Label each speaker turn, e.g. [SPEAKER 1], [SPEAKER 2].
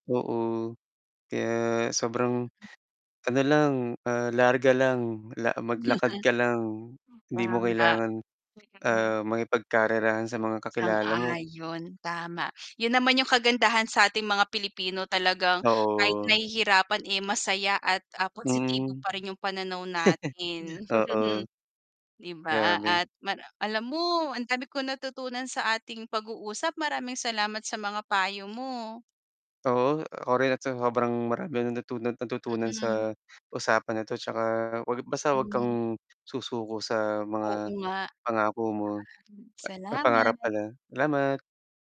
[SPEAKER 1] Oo. Kaya sobrang ano lang, ah, larga lang la maglakad ka lang hindi mo
[SPEAKER 2] Tama.
[SPEAKER 1] kailangan
[SPEAKER 2] Wait lang, ha.
[SPEAKER 1] ah, makipagkarerahan sa mga kakilala mo.
[SPEAKER 2] Sang-ayon, tama yun naman yung kagandahan sa ating mga Pilipino talagang kahit
[SPEAKER 1] Oo.
[SPEAKER 2] nahihirapan eh, masaya at, ah, positibo
[SPEAKER 1] Hmm.
[SPEAKER 2] pa rin yung pananaw natin.
[SPEAKER 1] Oo.
[SPEAKER 2] di ba
[SPEAKER 1] Grabe.
[SPEAKER 2] at ma alam mo ang dami kong natutunan sa ating pag-uusap, maraming salamat sa mga payo mo.
[SPEAKER 1] Oo. Ako rin at sa sobrang marami ang natunan natutunan
[SPEAKER 2] Mhm.
[SPEAKER 1] sa usapan na 'to tsaka wag basta wag
[SPEAKER 2] Hmm.
[SPEAKER 1] kang susuko sa
[SPEAKER 2] Oo
[SPEAKER 1] mga
[SPEAKER 2] nga.
[SPEAKER 1] pangako mo
[SPEAKER 2] Maraming
[SPEAKER 1] pangarap
[SPEAKER 2] Salamat.
[SPEAKER 1] pala, Salamat.